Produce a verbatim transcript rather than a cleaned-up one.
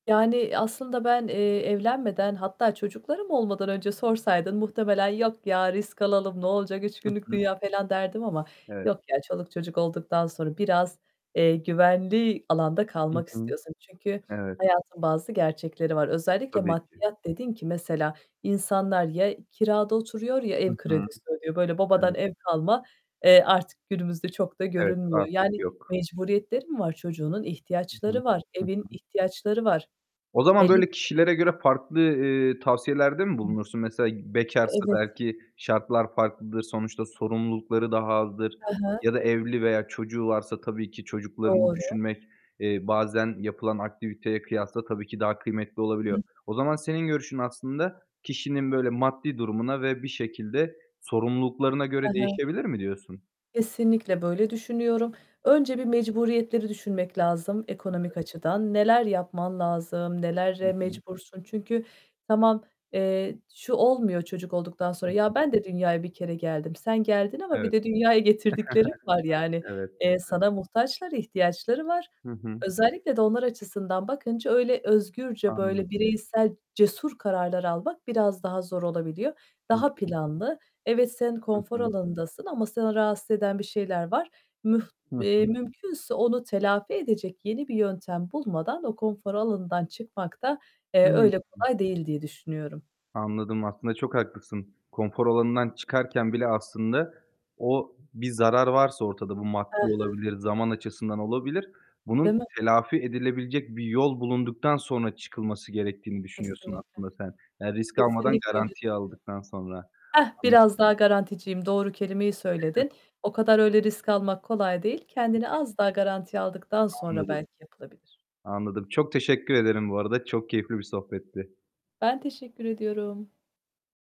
Yani aslında ben, eee, evlenmeden hatta çocuklarım olmadan önce sorsaydın muhtemelen "Yok ya, risk alalım, ne olacak, üç Hı günlük hı. dünya." falan derdim ama Evet. yok ya, çoluk çocuk olduktan sonra biraz, eee, güvenli alanda Hı kalmak hı. istiyorsun. Çünkü Evet. hayatın bazı gerçekleri var. Özellikle Tabii ki. maddiyat dedin ki mesela insanlar ya, kirada oturuyor ya, Hı ev hı. kredisi ödüyor. Böyle babadan Evet. ev kalma, eee, artık günümüzde çok da Evet, görünmüyor. artık Yani yok. mecburiyetleri mi var çocuğunun? Hı hı. İhtiyaçları var. Hı Evin hı. ihtiyaçları var. O Hele zaman ki böyle kişilere göre farklı, eee, tavsiyelerde mi He. bulunursun? Mesela bekarsa Evet. belki şartlar farklıdır, sonuçta sorumlulukları daha azdır He he. ya da evli veya çocuğu varsa tabii ki çocuklarını Doğru. düşünmek, eee, bazen yapılan aktiviteye kıyasla tabii ki daha kıymetli Hı olabiliyor. hı. O zaman senin görüşün aslında kişinin böyle maddi durumuna ve bir şekilde sorumluluklarına He göre he. değişebilir mi diyorsun? Kesinlikle böyle düşünüyorum. Önce bir mecburiyetleri düşünmek lazım Evet. ekonomik açıdan. Neler yapman lazım? Hı Nelere hı. mecbursun? Çünkü, tamam, eee, şu olmuyor çocuk olduktan Hı sonra. hı. "Ya, ben de dünyaya bir kere geldim." Sen geldin ama bir Evet. de dünyaya getirdiklerin var yani. Evet, Eee, evet. sana muhtaçlar, ihtiyaçları var. Hı hı. Özellikle de onlar açısından bakınca öyle özgürce, böyle Anladım. bireysel cesur kararlar almak biraz daha zor olabiliyor. Hı Daha hı. planlı. Evet, sen Hı konfor hı. alanındasın ama seni rahatsız eden bir şeyler var. Müh Hı eee, hı. mümkünse onu telafi edecek yeni bir yöntem bulmadan o konfor alanından çıkmak da, eee, Hıı. öyle Hı. kolay değil diye düşünüyorum. Anladım, aslında çok haklısın. Konfor alanından çıkarken bile aslında o bir zarar varsa ortada, bu He maddi he. olabilir, zaman açısından olabilir, bunun Değil mi? telafi edilebilecek bir yol bulunduktan sonra çıkılması gerektiğini düşünüyorsun Kesinlikle. aslında sen. Yani risk almadan Kesinlikle öyle garantiye düşünüyorum. aldıktan sonra. Hah, Anla biraz daha garanticiyim. Doğru kelimeyi söyledin. O kadar öyle risk almak kolay değil. Hı Kendini hı. az daha garantiye aldıktan sonra Anladım. belki yapılabilir. Anladım, çok teşekkür ederim bu arada, çok keyifli bir sohbetti. Ben teşekkür ediyorum.